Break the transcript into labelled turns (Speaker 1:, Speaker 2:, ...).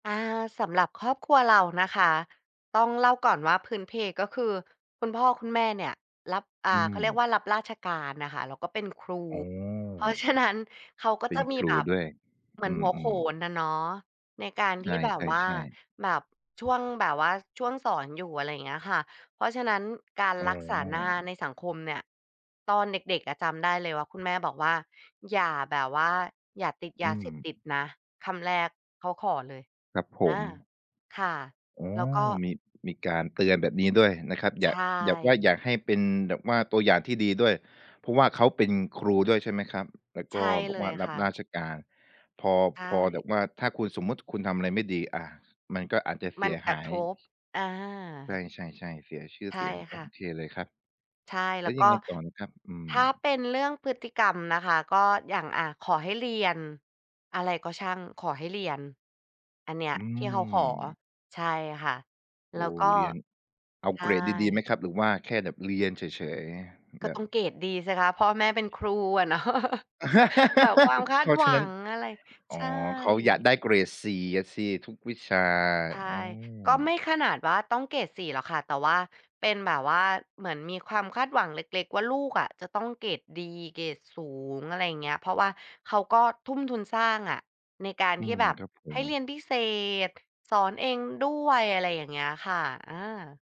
Speaker 1: อา สำหรับครอบครัวเรานะคะ ต้องเล่าก่อนว่าพื้นเพก็คือคุณพ่อคุณแม่เนี่ยรับ อ่า
Speaker 2: อื
Speaker 1: เขาเ
Speaker 2: ม
Speaker 1: รียกว่ารับราชการน่ะค่ะ แล้วก็เป็นครู
Speaker 2: อ๋
Speaker 1: เพราะ
Speaker 2: อ
Speaker 1: ฉะนั้น เขาก็
Speaker 2: เป็
Speaker 1: จะ
Speaker 2: น
Speaker 1: ม
Speaker 2: ค
Speaker 1: ี
Speaker 2: ร
Speaker 1: แ
Speaker 2: ู
Speaker 1: บบ
Speaker 2: ด้วย
Speaker 1: เหมื
Speaker 2: อ
Speaker 1: อ
Speaker 2: ื
Speaker 1: นหั
Speaker 2: ม
Speaker 1: ว
Speaker 2: อื
Speaker 1: โข
Speaker 2: ม
Speaker 1: นอะเนาะ ในการ
Speaker 2: ใ
Speaker 1: ท
Speaker 2: ช
Speaker 1: ี่แบบว่า
Speaker 2: ่ ๆ ๆ
Speaker 1: แบบ ช่วงแบบว่า ช่วงสอนอยู่ อะไรอย่างเงี้ยค่ะ เพราะฉะนั้นการ
Speaker 2: อ้
Speaker 1: รักษาหน้า
Speaker 2: อ
Speaker 1: ในสังคมเนี่ย ตอนเด็ก ๆ อะจำได้เลยว่าคุณแม่บอกว่า "อย่าแบบว่า อย่าติดย
Speaker 2: อื
Speaker 1: าเสพติด
Speaker 2: ม
Speaker 1: นะ" คำแรกเขาขอเลย
Speaker 2: ครับผ
Speaker 1: อา
Speaker 2: ม
Speaker 1: ค่ะ
Speaker 2: อ๋อ
Speaker 1: แล้วก็
Speaker 2: มี มีการเตือนแบบนี้ด้วยนะครับ
Speaker 1: ใ
Speaker 2: อ
Speaker 1: ช
Speaker 2: ยาก อยากว่า
Speaker 1: ่
Speaker 2: อยากให้เป็นแบบว่าตัวอย่างที่ดีด้วย เพราะว่าเขาเป็นครูด้วยใช่ไหมครับ แล้ว
Speaker 1: ใ
Speaker 2: ก
Speaker 1: ช
Speaker 2: ็
Speaker 1: ่
Speaker 2: บ
Speaker 1: เ
Speaker 2: อ
Speaker 1: ล
Speaker 2: กว่
Speaker 1: ย
Speaker 2: าร
Speaker 1: ค
Speaker 2: ับ
Speaker 1: ่
Speaker 2: ร
Speaker 1: ะ
Speaker 2: าชการ พอ
Speaker 1: ใช
Speaker 2: พอแบ
Speaker 1: ่
Speaker 2: บว่า ถ้าคุณ สมมุติคุณทำอะไรไม่ดี อา มันก็อาจจะเ
Speaker 1: ม
Speaker 2: ส
Speaker 1: ั
Speaker 2: ี
Speaker 1: น
Speaker 2: ย
Speaker 1: ก
Speaker 2: ห
Speaker 1: ระ
Speaker 2: า
Speaker 1: ท
Speaker 2: ย
Speaker 1: บ อา
Speaker 2: ใช่ ๆ ๆ เสียชื่อ
Speaker 1: ใช
Speaker 2: เ
Speaker 1: ่
Speaker 2: สียง โ
Speaker 1: ค
Speaker 2: อ
Speaker 1: ่ะ
Speaker 2: เคเลยครับ
Speaker 1: ใช่
Speaker 2: แ
Speaker 1: แ
Speaker 2: ล
Speaker 1: ล
Speaker 2: ้
Speaker 1: ้
Speaker 2: ว
Speaker 1: ว
Speaker 2: ย
Speaker 1: ก
Speaker 2: ั
Speaker 1: ็
Speaker 2: งไงต่อนะครับ? อื
Speaker 1: ถ
Speaker 2: ม
Speaker 1: ้าเป็นเรื่องพฤติกรรมนะคะ ก็อย่าง อา ขอให้เรียน อะไรก็ช่าง ขอให้เรียน อันเนี้ย
Speaker 2: อื
Speaker 1: ที่เขาขอ
Speaker 2: ม
Speaker 1: ใช่ค่ะ
Speaker 2: โ
Speaker 1: แ
Speaker 2: อ
Speaker 1: ล้
Speaker 2: ้
Speaker 1: วก็
Speaker 2: เรียนเอา
Speaker 1: ใช
Speaker 2: เกรดดี ๆ ไหม
Speaker 1: ่
Speaker 2: ครับ หรือว่าแค่แบบเรียนเฉย
Speaker 1: ก
Speaker 2: ๆ แ
Speaker 1: ็
Speaker 2: บ
Speaker 1: ต
Speaker 2: บ
Speaker 1: ้องเกรดดีสิคะ พ่อแม่เป็น ครูอะ เนาะ แบกความคา
Speaker 2: เพ
Speaker 1: ด
Speaker 2: ราะ
Speaker 1: ห
Speaker 2: ฉ
Speaker 1: ว
Speaker 2: ะ
Speaker 1: ั
Speaker 2: นั้น
Speaker 1: ง อะไร
Speaker 2: อ
Speaker 1: ใช
Speaker 2: ๋อ
Speaker 1: ่
Speaker 2: เขาอยากได้เกรด 4 อะสิทุกวิชา
Speaker 1: ใช่
Speaker 2: อื
Speaker 1: ก
Speaker 2: ม
Speaker 1: ็ไม่ขนาดว่าต้องเกรด 4 หรอกค่ะ แต่ว่า เป็นแบบว่าเหมือนมีความคาดหวังเล็ก ๆ ว่าลูกอะจะต้องเกรดดีเกรดสูง อะไรอย่างเงี้ย เพราะว่าเขาก็ทุ้มทุนสร้างอะ ในการ
Speaker 2: อื
Speaker 1: ที่
Speaker 2: ม
Speaker 1: แบบ
Speaker 2: ครับผ
Speaker 1: ให้
Speaker 2: ม
Speaker 1: เรียนพิเศษ สอนเองด้วย อะไรอย่างเงี้ยค่ะ อา